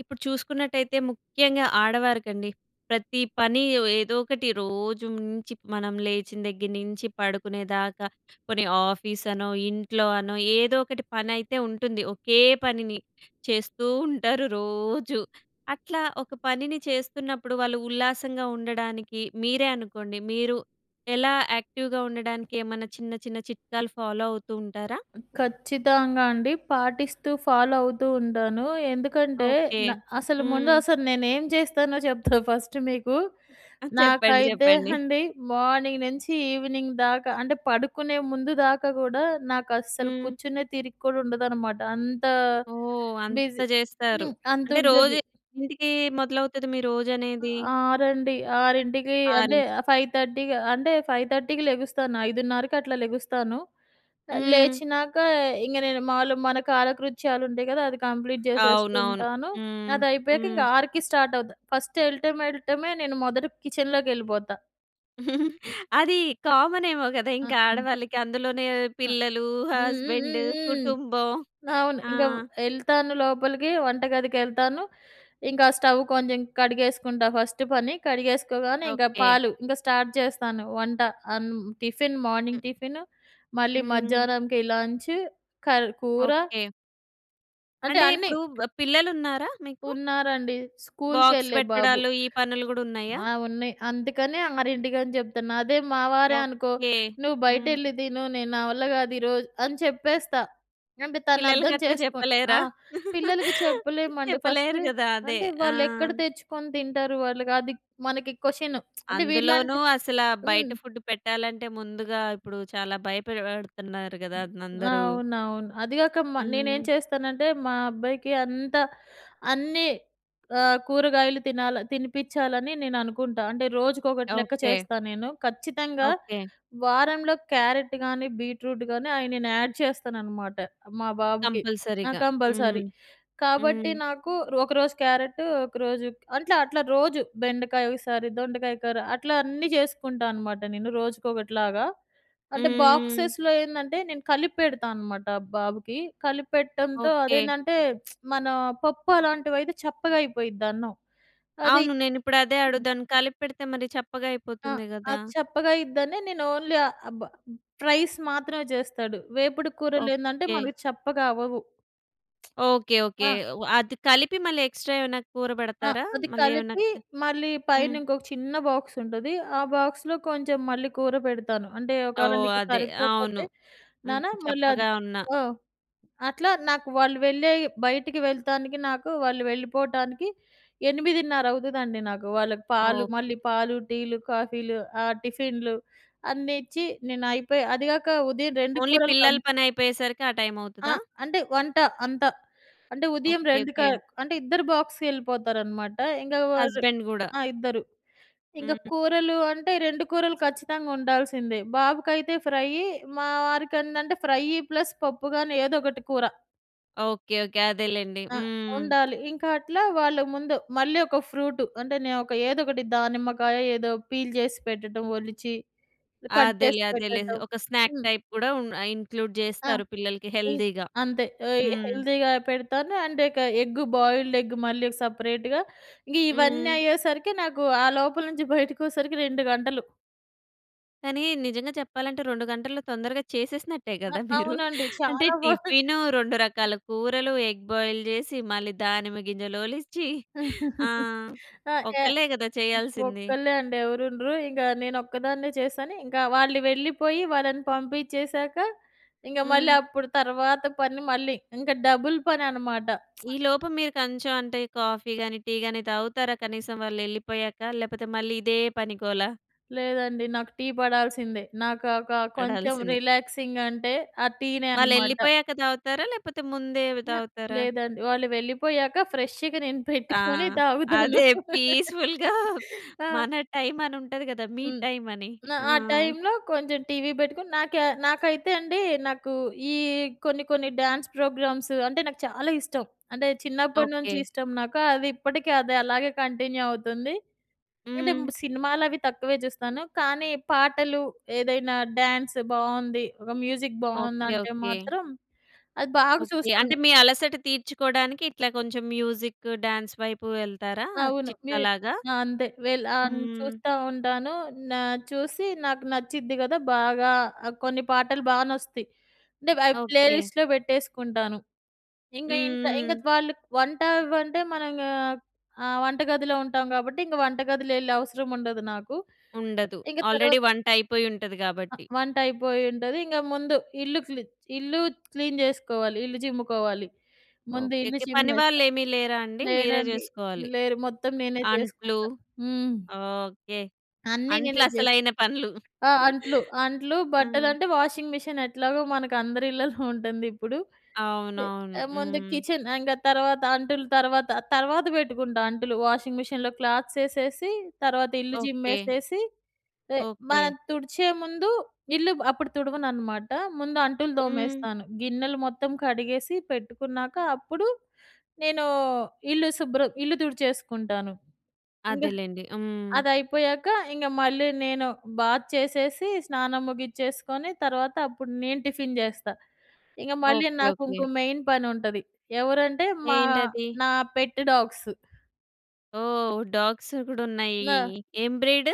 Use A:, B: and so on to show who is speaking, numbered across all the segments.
A: ఇప్పుడు చూసుకున్నట్టయితే ముఖ్యంగా ఆడవారికండి. ప్రతి పని ఏదోకటి రోజు నుంచి మనం లేచిన దగ్గర నుంచి పడుకునేదాకా కొని ఆఫీస్‌ అనో, ఇంట్లో‌ అనో, ఏదో ఒకటి పని అయితే ఉంటుంది. ఒకే పనిని చేస్తూ ఉంటారు రోజు. అట్లా ఒక పనిని చేస్తున్నప్పుడు వాళ్ళు ఉల్లాసంగా ఉండడానికి మీరే అనుకోండి మీరు ఎలా యాక్టివ్‍గా ఉండడానికి ఏమన్నా చిన్న, చిన్న చిట్కాలు ఫాలో అవుతూ ఉంటారా?
B: ఖచ్చితంగా అండి. పాటిస్తూ ఫాలో అవుతూ ఉంటాను. ఎందుకంటే,
A: ఓకే.
B: న అసలు ముందు
A: హ్మ్.
B: అసలు నేను ఏం చేస్తానో చెప్తా ఫస్ట్ మీకు.
A: ఆ! చెప్పండి.
B: నాకైతే
A: చెప్పండి.
B: అండి మార్నింగ్ నుంచి ఈవినింగ్ దాకా అంటే పడుకునే ముందు దాకా గూడా నాకు అస్సలు
A: హ్మ్.
B: కూర్చునే తీరిక కూడా ఉండదనమాట. అంత
A: ఓహ్! అంత
B: బిజీ.
A: చేస్తారు.
B: హ్మ్.
A: అంటే రోజు
B: అంతుంటది.
A: ఎన్నింటికి మొదలవుతుంది మీ రోజనేది?
B: ఆరండి. 6కి అంటే
A: 6:00కి
B: 5:30కి అంటే 5:30కి లెగుస్తాను. 5:30కి అట్లా లెగుస్తాను.
A: హ్మ్.
B: లేచినాక ఇంగ నేను మాములుగా మన కాలకృత్యాలు ఉంటాయి గదా! అది కంప్లీట్
A: అవునవును.
B: చేసేసుకుంటాను.
A: హ్మ్.
B: అది అయిపోయాక
A: హ్మ్.
B: ఇంక 6:00కి స్టార్ట్ అవుతా. ఫస్ట్ వెళ్ళటమే, వెళ్ళటమే నేను మొదటి కిచెన్‍లోకి వెళ్ళిపోతా.
A: అది కామన్ ఏమో కదా!
B: ఆ!
A: ఇంక
B: హ్మ్.
A: ఆడవాళ్ళకి అందులోనే
B: ఆ!
A: పిల్లలు,
B: హ్మ్. హ్మ్.
A: హస్బెండ్,
B: హ్మ్. హ్మ్.
A: కుటుంబం.
B: అవును.
A: ఆ!
B: ఇంక వే ఎళ్తాను లోపలికి వంటగదికేళ్తాను. ఇంకా స్టవ్ కొంచెం కడిగేసుకుంటా ఫస్ట్ పని. కడిగేసుకోగానే ఇంకా
A: ఓకే.
B: పాలు ఇంగా స్టార్ట్ చేస్తాను. వంట అన్ టిఫిన్ మార్నింగ్ టిఫిన్, మళ్ళీ
A: హ్మ్.
B: మధ్యాహ్నంకి లంచ్ కర్ కూర.
A: ఓకే.
B: అంటే
A: అంటే
B: అన్ని.
A: ఇప్పుడు పిల్లలున్నారా మీకు?
B: ఉన్నారండి.
A: బాక్స్
B: స్కూల్‌కెళ్ళే బాబు.
A: పెట్టడాలు ఈ పనులు కూడా ఉన్నాయా?
B: ఆ! ఉన్నాయి. అందుకని 6కి అని చెప్తున్నా. అదే మా వారే అనుకో,
A: ఓకె.
B: "నువ్వు
A: హ్మ్.
B: బయటెళ్లి తిను. నేను నా వల్ల కాదు ఈరోజు" అని చెప్పేస్తా. అంటే తను
A: పిల్లలకి
B: అర్థం
A: అట్లా
B: చేసుకుం ఆ!
A: చెప్పలేరా?
B: పిల్లలకి చెప్పలేమండి.
A: చెప్పలేరు
B: ఫస్ట్
A: కదా! అదే.
B: అంటే
A: ఆ!
B: వాళ్లెక్కడ తెచ్చుకొని తింటారు! వాళ్ళుకి అది మనకి క్వశ్చన్. అంటే
A: అందులోనూ
B: వీళ్లంటే
A: అసల బయట
B: హ్మ్.
A: ఫుడ్ పెట్టాలంటే ముందుగా ఇప్పుడు చాలా భయపెపడుతున్నారు కదా అందరూ.
B: అవునవును. అదిగాక మా నేనేం
A: హ్మ్.
B: చేస్తానంటే మా అబ్బాయికి అంతా అన్నీ ఆహ్, కూరగాయలు తినాల తినిపించాలని నేను అనుకుంటా. అంటే రోజుకొకటి లెక్క
A: ఓకె.
B: చేస్తా నేను. ఖచ్చితంగా
A: ఓకె.
B: వారంలో క్యారెట్ కాని, బీట్‌రూట్ కానీ అయి నేను యాడ్ చేస్తాననమాట మా బాబుకి. ఆ!
A: కంపల్సరీ‌గా. హ్మ్.
B: కంపల్సరీ. కాబట్టి
A: హ్మ్.
B: నాకు ఒకరోజు క్యారెటు, ఒకరోజు అంటే అట్లా రోజు బెండకాయ ఒకసారి, దొండకాయ కూర. అట్లా అన్నీ చేసుకుంటా అనమాట నేను, రోజుకొకటిలాగా. అంటే
A: హ్మ్.
B: బాక్సెస్‌లో ఏందంటే నేను కలిపి పెడతా అనమాట బాబుకి. కలిపి పెట్టడంతో
A: ఓకె.
B: అదేందంటే మన పప్పు అలాంటివైతే చప్పగా అయిపోయిద్ది అన్నం. అది
A: అవును. నేనిప్పుడు అదే అడుగుతాను. కలిపి పెడితే మరి చప్పగా
B: ఆ!
A: అయిపోతుంది కదా!
B: అది చప్పగా అయ్యిద్దని, నేను ఓన్లీ ఆహ్, అబ్ ప్రైస్ మాత్రమే చేస్తాడు. వేపుడు కూరలేందంటే
A: ఓకె.
B: మనకు చప్పగా అవ్వవు.
A: Okay, okay.
B: ఆ!
A: అది కలిపి మళ్ళీ ఎక్స్‌ట్రా ఏమన్నా కూర
B: ఆ!
A: పెడతారా?
B: అది
A: మళ్ళీ ఏమన్నా?
B: కలిపి మళ్ళీ పైన
A: హ్మ్.
B: ఇంకొక చిన్న బాక్స్ ఉంటది. ఆ బాక్స్‌లో కొంచెం మళ్ళీ కూర పెడతాను. అంటే "ఒకవేళ
A: ఓహ్!
B: నీకు
A: అదే, అవును.
B: సరిపోకపోతే,
A: హ్మ్.
B: నాన్న మళ్లది"
A: చప్పగా ఉన్నా.
B: ఆ! అట్లా నాకు వాళ్ళు వెళ్ళే బయటికి వెళ్తానికి నాకు వాళ్ళు వెళ్ళిపోవటానికి, 8.30 అవుతదండి నాకు. వాళ్ళకి పాలు
A: ఓకె.
B: మళ్ళీ పాలు, టీలు, కాఫీలు, ఆహ్, టిఫిన్‌లు అన్ని ఇచ్చి, నేను అయిపోయి అదిగాక ఉదయం 2
A: ఓన్లీ
B: కూరలు
A: పిల్లల
B: కమ్
A: పనైపోయేసరికి ఆ టైం
B: ఆ!
A: అవుతదా?
B: అంటే వంట అంత. అంటే ఉదయం
A: ఓకె,
B: 2 క
A: ఓకె.
B: అంటే ఇద్దరు బాక్స్‌కెళ్ళిపోతారనమాట. ఇంక వాళ్ళు
A: హస్బెండ్ కూడా.
B: ఆ! ఇద్దరు. ఇంక
A: హ్మ్.
B: కూరలు అంటే 2 కూరలు ఖచ్చితంగా ఉండాల్సిందే. బాబుకైతే ఫ్రై, మా వారికి ఏందంటే ఫ్రైయ్యి ప్లస్ పప్పు కాని ఏదో ఒకటి కూర.
A: ఓకే. ఓకే. అదేలెండి.
B: అ!
A: హ్మ్.
B: ఉండాలి. ఇంకా అట్లా వాళ్ళు ముందు, మళ్ళీ ఒక ఫ్రూట్. అంటే నేను ఒక ఏదోకటి దానిమ్మకాయ ఏదో పీల్ జేసి పెట్టటం ఒలిచి, కట్
A: అదేలే.
B: చేసి
A: అదేలే.
B: పెట్టటం.
A: ఒక స్నాక్
B: హ్మ్.
A: టైప్ కూడా ఉం ఆహ్, ఇంక్లూడ్
B: ఆ!
A: జేస్తారు, పిల్లలకి
B: ఇం
A: హెల్దీగా.
B: అంతే. అయి
A: హ్మ్.
B: హెల్దీగా పెడతాను. అండ్ ఇక ఎగ్ బాయిల్డ్ ఎగ్ మళ్ళీ సెపరేట్‌గా. ఇంగ ఇవన్నీ
A: హ్మ్.
B: అయ్యేసరికి, నాకు ఆ లోపల నుంచి బయటికి వచ్చేసరికి 2 గంటలు.
A: కానీ నిజంగా చెప్పాలంటే, 2 గంటల్లో తొందరగా చేసేసినట్టే
B: అ!
A: గదా! మీరు.
B: అవునండి.
A: అంటే,
B: చాలా వ
A: టిఫిను రెండు రకాల కూరలు, ఎగ్ బాయిల్ జేసి మళ్ళీ, దానిమ్మ గింజలు ఒలిచి. ఆ! ఒకళ్ళే గదా చేయాల్సింది.
B: ఒక్కళ్ళే అండి ఎవరూ ఉండరు. ఇంగ నేను ఒక్కదాన్నే చేశాను. ఇంకా వాళ్ళు వెళ్ళిపోయి, వాళ్ళని పంపిచ్చేసాక, ఇంగ మళ్ళీ
A: హ్మ్.
B: అప్పుడు తర్వాత పని మళ్ళీ. ఇంక డబుల్ పని అన్నమాట.
A: ఈ లోపు మీరు కొంచెం అంటే కాఫీ గాని, టీ గాని తాగుతారా? కనీసం వాళ్ళు ఎళ్ళిపోయాక, లేకపోతే మళ్ళీ ఇదే పనిగోలా?
B: లేదండి. నాకు టీ పడాల్సిందే. నాకాకా కొంచెం
A: అడాల్సింది.
B: రిలాక్సింగ్ అంటే ఆ టీనే అన్నమాట.
A: వాళ్ళెళ్ళిపోయాక తాగుతారా లేకపోతే ముందే తాగుతారా?
B: లేదండి. వాళ్ళు వెళ్ళిపోయాక ఫ్రెష్‌గా నేను
A: ఆ!
B: పెట్టుకొని తాగుతాను.
A: అదే పీస్‌ఫుల్‌గా
B: ఆ!
A: మన టైమ్ అని ఉంటది గదా! మీ
B: హ్మ్.
A: టైమ్ అని.
B: ఆ!
A: ఆ!
B: ఆ టైంలో కొంచెం టీవీ పెట్టుకొని నాకి నాకైతే అండి నాకు ఈ కొన్ని కొన్ని డ్యాన్స్ ప్రోగ్రామ్స్ అంటే, నాకు చాలా ఇష్టం. అంటే చిన్నప్పడి నుంచి
A: ఓకె.
B: ఇష్టం నాకు అది ఇప్పటికి అది అలాగే కంటిన్యూ అవుతుంది. అంటే
A: హ్మ్.
B: సినిమాలు అవి తక్కువే చూస్తాను. కానీ పాటలు, ఏదైనా డ్యాన్స్ బావుంది. ఒక మ్యూజిక్
A: ఓకె.
B: బావుందంటే
A: ఓకె.
B: మాత్రం అది బాగా
A: ఓకె. అంటే,
B: చూస్తాను.
A: మీ అలసట తీర్చుకోవడానికి ఇట్లా కొంచెం మ్యూజిక్, డాన్స్ వైపు వెళ్తారా?
B: అవును. నేను
A: చిట్కాలాగా.
B: ఆ! అంతే వెళ్లి ఆన్
A: హ్మ్.
B: చూస్తా ఉంటాను. నా చూసి నాకు నచ్చిద్ది కదా! బాగా ఆహ్, కొన్ని పాటలు బాగా నచ్చుతాయి. అంటే అవి
A: ఓకె.
B: ప్లేలిస్ట్‌లో పెట్టేసుకుంటాను. ఇంగా ఇంక ఇంగా
A: హ్మ్. హ్మ్.
B: వాళ్ళు వంట అవ్వంటే మనం ఇంగ ఆహ్, వంట గదిలో ఉంటాం కాబట్టి ఇంక వంటగదిలో వెళ్ళే అవసరం ఉండదు నాకు.
A: ఉండదు.
B: ఇంగ
A: ఆల్రెడీ
B: తర్వాత
A: వంట అయిపోయి ఉంటది కాబట్టి.
B: వంట అయిపోయింటది. ఇంగ ముందు ఇల్లు క్లీ ఇల్లు క్లీన్ జేసుకోవాలి. ఇల్లు చిమ్ముకోవాలి. ముందు ఇల్లు
A: ఓకెకె.
B: చిమ్మేస్తా.
A: పనివాళ్లు ఏమీ లేరా అండి? మీరే
B: లేదండి.
A: జేసుకోవాలి.
B: లేరు. మొత్తం నేనే
A: అంట్లు
B: చేసుకుంటా. హ్మ్.
A: ఓకె.
B: అన్నీ
A: అంట్లు
B: నేనే జే
A: అసలైన పనులు.
B: ఆ! అంట్లు, అంట్లు. బట్టలు
A: హ్మ్.
B: అంటే వాషింగ్ మిషన్ ఎట్లాగో మనకు అందరి ఇళ్లలో ఉంటుంది ఇప్పుడు.
A: అవునవును.
B: ముందు
A: హ్మ్.
B: కిచెన్ ఇంగ తర్వాత అంటులు తర్వాత, తర్వాత పెట్టుకుంటా అంటులు. వాషింగ్ మిషన్‍లో క్లాత్స్ యేసేసి తర్వాత ఇల్లు
A: ఓకె.
B: చిమ్మేసేసి,
A: ఓకె.
B: మనం తుడిచే ముందు ఇల్లు అప్పుడు తుడవనన్నమాట. ముందు అంటులు
A: హ్మ్.
B: తోమేస్తాను. గిన్నెలు మొత్తం కడిగేసి పెట్టుకున్నాక, అప్పుడు నేను ఇల్లు శుభ్రం ఇల్లు తుడిచేసుకుంటాను. ఇంగ
A: అదేలెండి. హ్మ్.
B: అది అయిపోయాక ఇంగా, మళ్ళీ నేను బాత్ చేసేసి, స్నానం ముగిచ్చేసుకొని తర్వాత అప్పుడు నేను టిఫిన్ జేస్తా. ఇంగ మళ్ళీ
A: ఓకె.
B: నాకు
A: ఓకె.
B: ఇంకో మెయిన్ పని ఉంటది. ఎవరంటే మా
A: ఏంటది?
B: నా పెట్ డాగ్సు.
A: ఓహ్! డాగ్స్ గూడా ఉన్నాయి.
B: ఆ!
A: ఏం బ్రీడ్?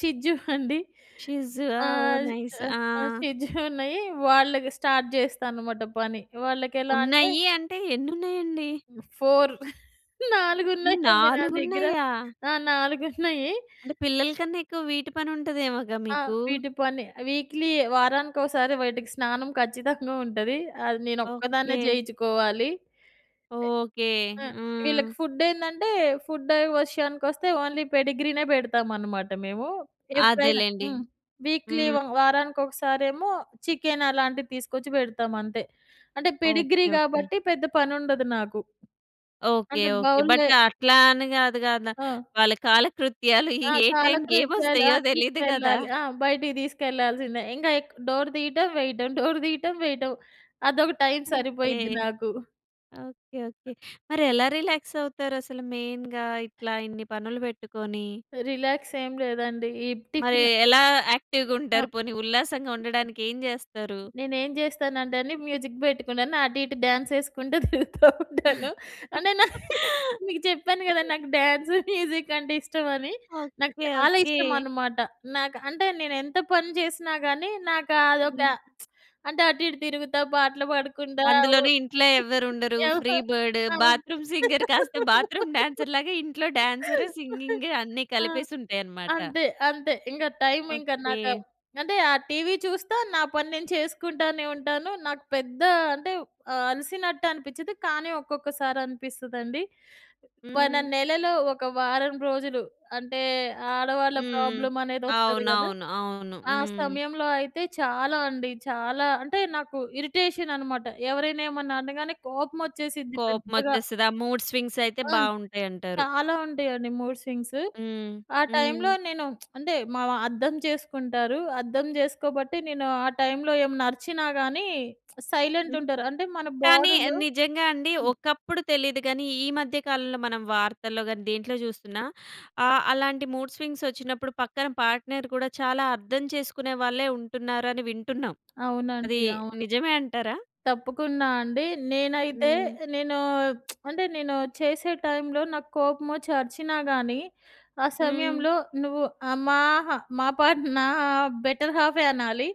B: షిట్జూ అండి.
A: షిట్జూ ఆ, ఓహ్!
B: ఆహ్,
A: నైస్. ఆ!
B: ఆహ్, షిట్జూ ఉన్నాయి. వాళ్ళకి స్టార్ట్ జేస్తా అనమాట పని. వాళ్ళకి ఎలా అంటే
A: ఉన్నాయి అంటే ఎన్ని ఉన్నాయండి?
B: 4 4 ఉన్నాయండి నా దగ్గర.
A: నాలుగున్నాయా!
B: ఆ! 4 ఉన్నాయి.
A: అంటే పిల్లలకన్నా ఎక్కువ వీటి పని ఉంటదేమోగా
B: ఆ!
A: మీకు?
B: వీటి పని వీక్‌లీ వారానికోసారి వీటికి స్నానం ఖచ్చితంగా ఉంటది. అది నేను ఒక్కదాన్నే
A: ఓకే.
B: జేయిచ్చుకోవాలి.
A: ఓకే!
B: ఆ!
A: హ్మ్.
B: వీళ్ళకి ఫుడ్ ఏందంటే ఫుడ్ విషయానికి వస్తే ఓన్లీ పెడిగ్రీనే పెడతామనమాట మేము. ఎప్పుడైనా
A: అదేలెండి.
B: హ్మ్. వీక్‌లీ
A: హ్మ్.
B: వారానికి ఒకసారేమో చికెన్ అలాంటివి తీసుకొచ్చి పెడతాము అంతే. అంటే పెడిగ్రీ
A: ఓకే. ఓకే.
B: కాబట్టి పెద్ద పనుండదు నాకు.
A: ఓకే.
B: అంటే
A: ఓకే.
B: బౌల్‌లో
A: బట్ అట్లా అని గాదు గదా!
B: ఆ!
A: వాళ్ళ కాలకృత్యాలు
B: ఆ!
A: ఏ టైమ్‌కి ఏమి
B: కాలకృత్యాలు ఆ!
A: వస్తాయో తెలీదు గదా!
B: తీసుకెళ్ళాలి. ఆ! బయటికి తీసుకెళ్ళాల్సిందే. ఇంక ఎక్ డోర్ తీయటం వేయటం. డోర్ తీయటం వేయటం. అదొక టైమ్
A: ఓకే.
B: సరిపోయిద్ది నాకు.
A: Okay okay. మరి ఎలా రిలాక్స్ అవుతారు అసలు మెయిన్‌గా? ఇట్లా ఇన్ని పనులు పెట్టుకొని?
B: రిలాక్స్ ఏం లేదండి. ఈ
A: మరి
B: టిఫిన్
A: ఎలా యాక్టివ్‌గా ఉంటారు? పోనీ ఉల్లాసంగా ఉండడానికి ఏం జేస్తారు?
B: నేనేం జేస్తానంటే అండి, మ్యూజిక్ పెట్టుకున్నాను అటు ఇటు డాన్స్ ఏసుకుంటూ తిరుగుతూ ఉంటాను. అంటే నా మీకు చెప్పాను గదా! నాకు డాన్స్, మ్యూజిక్ అంటే ఇష్టమని. నాకు
A: ఓకే.
B: చాలా
A: ఓకే.
B: ఇష్టమనమాట. నాకు అంటే నేను ఎంత పని జేసినా గానీ, నాకు అదొక
A: హ్మ్.
B: అంటే అటు ఇటు తిరుగుతా పాటలు పాడకుండా ఆవూ
A: అందులోని ఇంట్లో ఎవ్వరు
B: [unintelligible]
A: ఉండరు. Free bird.
B: అవును.
A: బాత్రూమ్ సింగర్ కాస్త బాత్రూమ్ డాన్సర్‌లాగా ఇంట్లో డాన్సర్, సింగింగ్ అన్నీ
B: ఆ!
A: కలిపేసి ఉంటాయనమాట.
B: అంతే, అంతే. ఇంగ టైమ్ ఇంకా నాకు
A: ఓకే.
B: అంటే ఆ టీవీ చూస్తా నా పని నేను చేసుకుంటానే ఉంటాను. నాకు పెద్ద అంటే ఆహ్, అలసినట్టు అనిపిచ్చదు. కానీ ఒక్కొక్కసారి అనిపిస్తదండి. ఒన
A: హ్మ్.
B: నెలలో ఒక వారం రోజులు అంటే ఆడవాళ్ళ
A: హ్మ్.
B: ప్రాబ్లమ్ అనేది వస్తది గదా!
A: అవునవును. అవును.
B: ఆ
A: హ్మ్.
B: సమయంలో అయితే చాలా అండి. చాలా అంటే నాకు ఇరిటేషన్ అనమాట. ఎవరైనా ఏమన్నా అనగానే కోపం వచ్చేసిద్ది పెద్దగా.
A: కోపమొచ్చేస్తది. ఆ మూడ్ స్వింగ్స్ అయితే
B: హ్మ్.
A: బావుంటాయంటారు.
B: చాలా ఉంటాయండి మూడ్ స్వింగ్స్.
A: హ్మ్.
B: ఆ
A: హ్మ్.
B: టైమ్‌లో నేను అంటే మావ అర్థం జేసుకుంటారు. అర్థం జేసుకోబట్టి నేను ఆ టైమ్‌లో ఏమైనా అరిచినా గానీ సైలెంట్ ఉంటారు. అంటే మన
A: కానీ
B: బాడీలో
A: నిజంగా అండి. ఒకప్పుడు తెలీదు గానీ ఈ మధ్య కాలంలో మనం వార్తల్లో గానీ, దేంట్లో జూస్తున్నా ఆహ్, అలాంటి మూడ్ స్వింగ్స్ వచ్చినప్పుడు పక్కన పార్ట్‌నర్ కూడా చాలా అర్థం చేసుకునే వాళ్ళే ఉంటున్నారు అని వింటున్నాం. అది
B: అవునండి. అవును.
A: నిజమే అంటారా?
B: తప్పకుండా అండి. నేనైతే
A: హ్మ్.
B: నేను అంటే నేను చేసే టైమ్‌లో నాకోపమొచ్చి అరిచినా గానీ, ఆ
A: హ్మ్.
B: సమయంలో నువ్వు ఆమాహ్ మా పాట నా బెటర్ హాఫే అనాలి.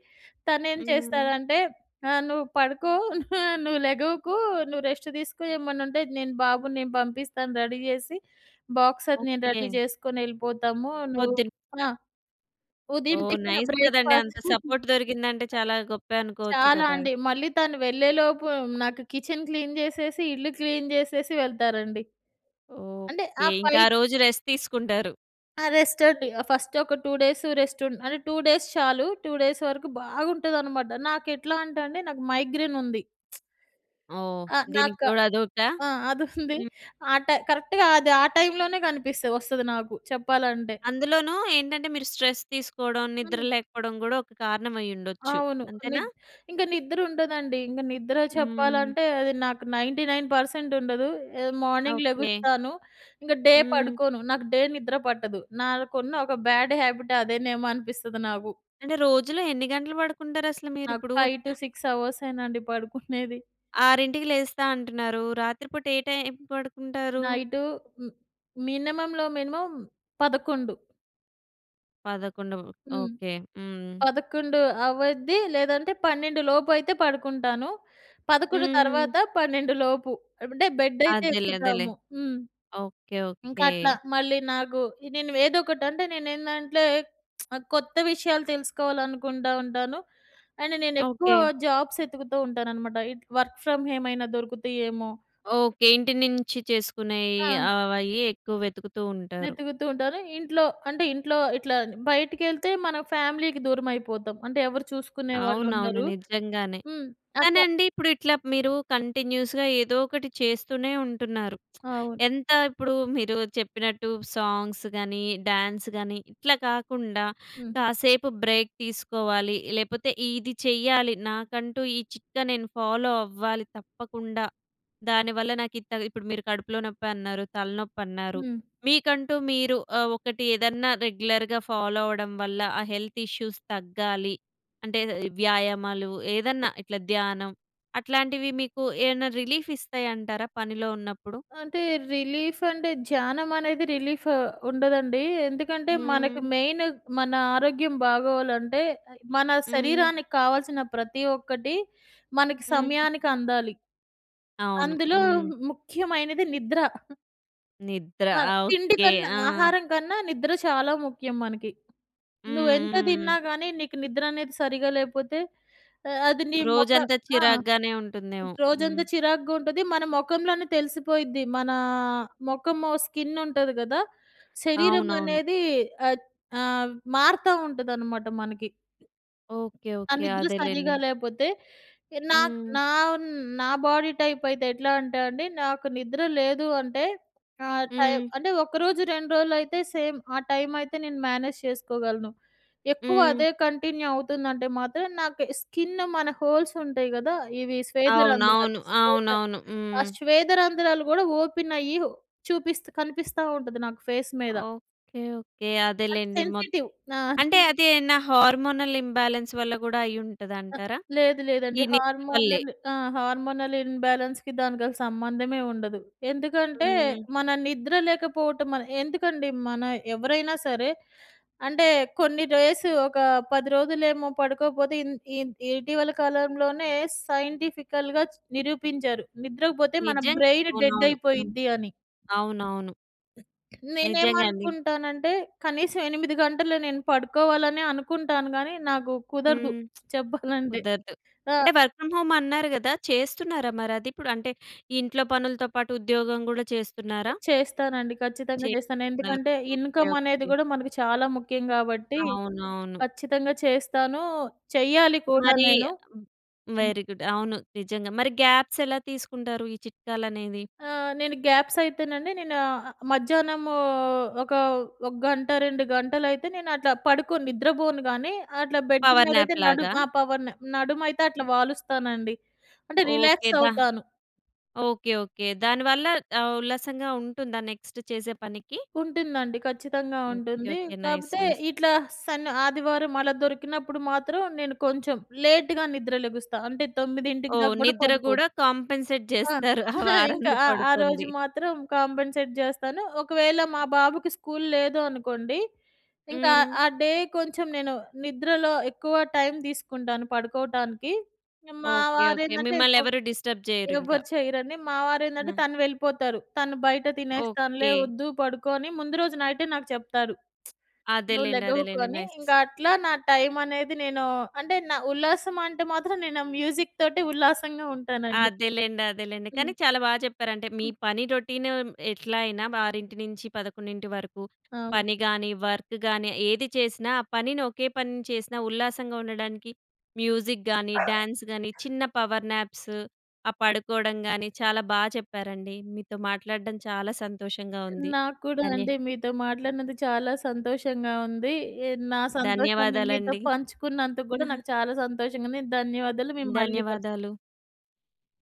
B: తను ఏం
A: హ్మ్.
B: చేస్తాడంటే ఆహ్, "నువ్వు పడుకో. నువ్వు లెగవకు. నువ్వు రెస్ట్ తీసుకో ఏమన్నా ఉంటే నేను బాబుని నేను పంపిస్తాను రెడీ జేసి, బాక్స్ అది నేను
A: ఓకే.
B: రెడీ జేసుకొని ఎళ్ళిపోతాము. నువ్వు"
A: పొద్దున పూట.
B: ఆ! ఉదయం
A: ఓహ్!
B: టిఫిన్
A: నైస్ కదండీ.
B: బ్రేక్‌ఫాస్ట్.
A: అంత సపోర్ట్ దొరికిందంటే చాలా గొప్పే అనుకోవచ్చు
B: చాలా
A: గదా!
B: అండి. మళ్ళీ తను వెళ్ళేలోపు నాకు కిచెన్ క్లీన్ జేసేసి ఇల్లు క్లీన్ జేసేసి వెళ్తారండి. అంటే ఆ
A: ఓకే. ఇంక ఆ
B: ఫైట్
A: రోజు రెస్ట్ తీసుకుంటారు.
B: ఆ! రెస్ట్ అండి. ఆ ఫస్ట్ ఒక 2 డేస్ రెస్ట్. ఉం అంటే, 2 డేస్ చాలు 2 డేస్ వరకు బాగుంటుందన్నమాట. నాకు ఎట్లా అంటే అండి నాకు మైగ్రేన్ ఉంది.
A: ఓహ్!
B: అ!
A: దీనికి
B: నాకా
A: తోడు అదొకటా?
B: ఆ! అది ఉంది.
A: హ్మ్.
B: ఆ టై కరెక్ట్‌గా అది ఆ టైమ్‌ లోనే కనిపిస్తది వస్తది నాకు చెప్పాలంటే.
A: అందులోను ఏంటంటే, మీరు స్ట్రెస్ తీసుకోవడం, నిద్ర
B: హ్మ్.
A: లేకపోవడం గూడా ఒక కారణం అయి ఉండొచ్చు.
B: అవును. నిద
A: అంతేనా?
B: ఇంకా నిద్ర ఉండదండి. ఇంకా నిద్ర
A: హ్మ్.
B: చెప్పాలంటే, అది నాకు 99% ఉండదు. A morning
A: okay.
B: లెగుస్తాను. ఇంక డే
A: హ్మ్.
B: పడుకోను. నాకు డే నిద్ర పట్టదు, నాకున్న బ్యాడ్ హాబిట్ అదేనేమో అనిపిస్తుంది నాకు.
A: అంటే రోజులో ఎన్ని గంటలు పడుకుంటారు అసలు మీరు
B: నాకు
A: ఇప్పుడు?
B: 5-6 అవర్సేనండి పడుకునేది.
A: 6:00కి లేస్తా అంటున్నారు. రాత్రి పూట ఏ టైం పడుకుంటారు?
B: నైటు మ్ మినిమమ్‌లో మినిమమ్ 11:00.
A: 11:00
B: హ్మ్.
A: ఓకె, హ్మ్.
B: 11:00 అవద్ది. లేదంటే 12:00 లోపు అయితే పడుకుంటాను. 11:00
A: హ్మ్.
B: తర్వాత 12:00 లోపు అంటే, బెడ్ అయితే
A: అదేలే, అదేలే.
B: ఎక్కుదాము. హ్మ్,
A: ఓకె,
B: ఇంకా
A: ఓకె.
B: అట్లా మళ్ళీ నాకు నేను ఏదోకటి అంటే, నేను ఏందంట్లే కొత్త విషయాలు తెలుసుకోవాలనుకుంటా ఉంటాను. అండ్ నేను ఎక్కువ
A: ఓకె.
B: జాబ్స్ ఏతుకుతూ ఉంటాననమాట ఇట్ వర్క్ ఫ్రమ్ హోమ్ ఏమైనా దొరుకుతాయి ఏమో
A: ఓకె. ఇంటి నుంచి చేసుకునే
B: ఆ!
A: అవైయ్యే ఎక్కువ వెతుకుతూ ఉంటారు.
B: వెతుకుతూ ఉంటాను. ఇంట్లో, అంటే ఇంట్లో ఇట్లా బయటకెళ్తే మన ఫ్యామిలీ‌కి దూరమైపోతాం. అంటే ఎవరు చూసుకునేవాళ్ళు
A: అవునవును,
B: ఉండరు.
A: నిజంగానే!
B: హ్మ్, అట్లా
A: కానీండి ఇప్పుడు ఇట్లా మీరు కంటిన్యూస్‌గా ఏదో ఒకటి చేస్తూనే ఉంటున్నారు.
B: అవును.
A: ఎంత ఇప్పుడు మీరు చెప్పినట్టు సాంగ్స్ గాని, డ్యాన్స్ గాని, ఇట్లా కాకుండా
B: హ్మ్.
A: కాసేపు బ్రేక్ తీసుకోవాలి. లేపోతే ఇది చేయాలి నాకంటూ ఈ చిట్కా నేను ఫాలో అవ్వాలి, తప్పకుండా. దానివల్ల నాకు ఇంత ఇప్పుడు మీరు కడుపులో నొప్పి అన్నారు, తలనొప్పి అన్నారు,
B: హ్మ్.
A: మీకంటూ మీరు ఒకటి ఏదన్నా రెగ్యులర్‌గా ఫాలో అవ్వడం వల్ల, ఆ హెల్త్ ఇష్యూస్ తగ్గాలి అంటే, వ్యాయామాలు ఏదన్నా ఇట్లా ధ్యానం అట్లాంటివి మీకు ఏమన్నా రిలీఫ్ ఇస్తాయి అంటారా? పనిలో ఉన్నప్పుడు?
B: అంటే రిలీఫ్ అంటే, ధ్యానం అనేది రిలీఫ్ ఉండదండి. ఎందుకంటే, మనకు
A: హ్మ్.
B: మెయిన్ మన ఆరోగ్యం బాగోవాలంటే, మన
A: హ్మ్.
B: శరీరానికి కావాల్సిన ప్రతి ఒక్కటి మనకి
A: హ్మ్.
B: సమయానికి అందాలి.
A: అవును.
B: అందులో
A: హ్మ్.
B: ముఖ్యమైనది నిద్ర.
A: నిద్ర
B: అహా!
A: అ!
B: తిండి
A: ఓకె.
B: కన్నా,
A: ఆ!
B: ఆహారం కన్నా నిద్ర చాలా ముఖ్యం మనకి. నువ్వు ఎంత
A: హుహు.
B: తిన్నా కానీ నీకు నిద్ర అనేది సరిగ్గా లేకపోతే ఆహ్, అది నీ మొఖం
A: రోజంతా
B: ఆ!
A: చిరాగ్గానే ఉంటుందేమో. హ్మ్.
B: రోజంతా చిరాకుగా ఉంటది. మన మొఖంలోనే తెలిసిపోయిద్ది మనా మొఖము స్కిన్ ఉంటది కదా, శరీరం
A: అవునవును.
B: అనేది ఆ ఆహ్, మారుతా ఉంటుందనమాట మనకి.
A: ఓకె.
B: ఆ
A: ఓకె.
B: నిద్ర సరిగ్గా
A: అదేలెండి.
B: లేకపోతే. నా
A: హ్మ్.
B: నా నా బాడీ టైప్ అయితే ఎట్లా అంటే అండి. నాకు నిద్ర లేదు అంటే ఆ టైమ్
A: హ్మ్.
B: అంటే ఒక రోజు, రెండు రోజులు అయితే సేమ్ ఆ టైమ్ అయితే నేను మేనేజ్ చేసుకోగలను. ఎక్కువ
A: హ్మ్.
B: అదే కంటిన్యూ అవుతుందంటే మాత్రం నాకు స్కిన్ మన హోల్స్ ఉంటాయి కదా, ఇవి శ్వేద రంధ్రాలు.
A: అవునవును.
B: శ్వేద
A: అవునవును.
B: ఆ
A: హ్మ్.
B: శ్వేద రంధ్రాలు కూడా ఓపెన్ అయ్యి చూపిస్త కనిపిస్తా ఉంటది, నాకు ఫేస్ మీద.
A: Okay, okay.
B: నాది
A: అదేలెండి. మొత్
B: సెన్సిటివ్, నా
A: అంటే
B: స్కిన్.
A: అది నా హార్మోనల్ ఇంబ్యాలన్స్ వల్ల కూడా అయ్యి ఉంటది
B: అ
A: అంటారా?
B: లేదు
A: ఈ
B: లేదండి.
A: నిద్ర వల్లే.
B: హార్మోనల్ ఆ! హార్మోనల్ ఇన్‌బాలెన్స్‌కి దానికి అసలు సంబంధమే ఉండదు. ఎందుకంటే
A: హ్మ్.
B: మన నిద్ర లేకపోవటం ఎందుకండి మన ఎవరైనా సరే అంటే కొన్ని డేస్ ఒక 10 రోజులేమో పడుకోకపోతే ఇం ఇం ఇటీవల కాలంలోనే సైంటిఫికల్‌గా చూ నిరూపించారు నిద్ర‌కు పోతే మన
A: నిజం
B: బ్రైన్ డెడ్
A: అవునవును, హ్మ్.
B: అయిపోయిద్ది అని.
A: అవునవును. నిజంగా అండి.
B: నేనేమనుకుంటానంటే, కనీసం 8 గంటలు, నేను పడుకోవాలనే అనుకుంటాను గానీ, నాకు కుదరదు,
A: హ్మ్.
B: చెప్పాలంటే.
A: కుదరదు.
B: అ
A: అంటే, వర్క్ ఫ్రమ్ హోమ్ అన్నారు కదా! చేస్తున్నారా మరి అది ఇప్పుడు? అంటే, ఈ ఇంట్లో పనులతో పాటు, ఉద్యోగం కూడా చేస్తున్నారా?
B: చేస్తానండి. ఖచ్చితంగా చేస్తాను.
A: చేస్తునారు.
B: ఎందుకంటే,
A: ఓకే.
B: ఇన్‌కమ్ అనేది
A: ఓకే.
B: కూడా మనకు చాలా ముఖ్యం గాబట్టి.
A: అవునవును.
B: ఖచ్చితంగా చేస్తానూ. చేయాలి కూడా
A: మరీ
B: నేను.
A: హ్మ్, వెరీ గుడ్. అవును. నిజంగా. మరి గ్యాప్స్ ఎలా తీసుకుంటారు ఈ చిట్కాలనేవి?
B: ఆహ్, నేను గ్యాప్స్ అయితేనండి, నేను ఆహ్, మధ్యాహ్నము ఒక ఒక గంట, 2 గంటలు అయితే నేను అట్లా పడుకోను, నిద్రపోను గాని, అట్లా బెడ్
A: పవర్
B: మీదైతే
A: న్యాప్ లాగా?
B: నడుం ఆ! పవర్‌న నడుమైతే అట్లా వాలుస్తానండి. అంటే,
A: ఓకే.
B: రిలాక్స్
A: ద
B: అవుతాను.
A: Okay, okay. దాని వల్ల ఆహ్, ఉల్లాసంగా ఉంటుందా నెక్స్ట్ చేసే పనికి?
B: ఉంటుందండి. ఖచ్చితంగా
A: ఓకే.
B: ఉంటుంది.
A: ఓకే. నైస్,
B: కాకపోతే
A: నైస్.
B: ఇట్లా సన్ ఆదివారం ఆలా దొరికినప్పుడు మాత్రం, నేను కొంచెం లేట్‌గా నిద్ర లెగుస్తా. అంటే, 9కి
A: ఓహ్!
B: దాకా కూడా
A: నిద్ర
B: పడుకోను.
A: కూడా, కంపెన్సేట్
B: ఆ!
A: చేస్తారు. ఆ
B: ఇంకా
A: వారంది
B: ఆ ఆ
A: పడుకోంది.
B: రోజు మాత్రం కంపెన్సేట్ జేస్తాను. ఒకవేళ మా బాబుకి స్కూల్ లేదు అనుకోండి. ఇంకా ఆహ్,
A: హ్మ్.
B: ఆ డే కొంచెం నేను, నిద్రలో ఎక్కువ టైమ్ తీసుకుంటాను పడుకోవటానికి. మా
A: ఓకే.
B: వారు
A: ఓకే.
B: ఏందంటే,
A: మిమ్మల్ని
B: పో
A: ఎవరు డిస్టర్బ్ చేయరు ఇంక.
B: ఎవ్వరు చేయరండి. మా వారు ఏందంటే,
A: ఆ!
B: తను వెళ్ళిపోతారు. తను బయట, "తినేస్తానులే
A: ఓకే.
B: వద్దు పడుకో" అని ముందు రోజు నైట్ నాకు చెప్తారు. "నువ్వు
A: అదేలెండి, అదేలెండి.
B: లెగవుకని."
A: నైస్.
B: ఇంకా, అట్లా నా టైమ్ అనేది నేను అంటే, న ఉల్లాసం అంటే మాత్రం నేను మ్యూజిక్ తోటే ఉల్లాసంగా ఉంటానండి.
A: అదేలెండి, అదేలెండి. కాని
B: హ్మ్.
A: చాల బా చెప్పారంటే, మీ
B: హ్మ్.
A: పని రొటీను ఎట్లా అయినా, ఆరింటి నుంచి పదకొండింటి వరకు.
B: అవును.
A: పని గాని, వర్క్ గాని, ఏది చేసిన, ఆ పనిని, ఒకే పనిని చేసిన ఉల్లాసంగా ఉండడానికి మ్యూజిక్ గానీ, డ్యాన్స్ గానీ, చిన్న పవర్‍ న్యాప్సు. ఆ పడుకోవడం గాని, చాల బా చెప్పారండి. మీతో మాట్లాడడం చాలా సంతోషంగా ఉంది.
B: నాకు కూడా
A: ధన్య
B: అండి. మీతో మాట్లాడినందుకు చాలా సంతోషంగా ఉంది. ఎ నా సంతోషాన్ని, మీతో
A: ధన్యవాదాలండి.
B: పంచుకున్నందుకు కూడా, నాకు చాలా సంతోషంగా ఉంది. ధన్యవాదాలు మేము మళ్ళీ కలుస్తాం.
A: ధన్యవాదాలు.